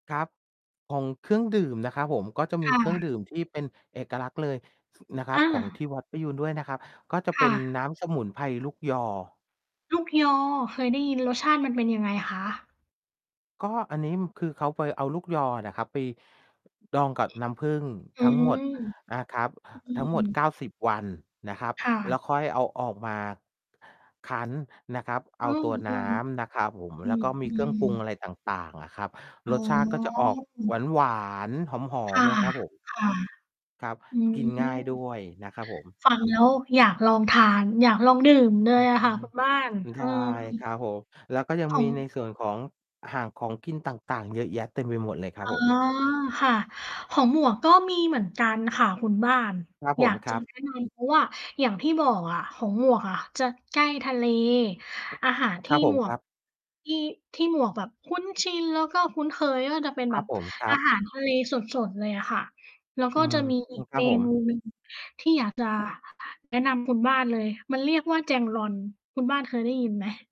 ครับ ของเครื่องดื่มนะครับผม ก็จะมคี่เครื่องดะ ื่มที่เป็นเอกลักษณ์เลย ส นะครัอบ ของทา ี่วัดประยูรด้วยนะครับ ก็จะคเป็่นะ น้ำสมุนไพรลูกยอ ลูกยอ เคยได้ยิน รสชาติมันเป็นยังไงคะ? ก็อันนี้ คือเขาไปเอาลูกยอนะครับไปดองกับน้ำผึ้งอืทั้งหมม ดนะครับ อืทั้งหมด เก้ม าสิบ วันนะครับ ค่และ ้วค่อยเอาออกมา คั้น นะครับ เออ้าอ ตัวน้ำนะครับผม อืแล้วกม ็มอีืเครื่องปรุงอม ะไรต่าง ๆ อะครับ อ๋อ รสชาติก็จะออกอืม หวาน ๆ หอคม ่ะ ๆ นะครับ ผม ค่ะ ครับ อืกินง่ายดม ้วยนะครับผม ฟังแล้วอยากลองทาน อยากลองดื่มเลอืยออะค่ะฮคึ ุณบ้าน ใชเออ ่ครับผม แล้วก็ยังขมีในอง ส่วนของ ห่างของกินต่าง ๆ เยอะแยะ เต็มไปหมดเลยคอรั๋บอ ผม ค่ะ ของหมวกก็มีเหมือนกันค่ะคุณบ้าน ครับผอยาม ก คจระับ แนะนำ เพราะว่าอย่างที่บอกอะ ของหมวกอะจะใกล้ทะเล อาหารทคีร่ับผหมม วคก รับ ที่ ที่หมวกแบบคุ้นชิน แล้วก็คุ้นเคยก็จะเป็นครแบับบผม ครอัาหบ ารทะเลสด ๆ เลยอะค่ะ แล้วอกื็จม ะมี ออีืม ก ครเัมบผม นู หนึ่ง ที่อยาก จะ แนะนำ คุณ บ้านเลย มันเรียกว่าแจงลอน คุณบ้านเคยได้ยินไหม?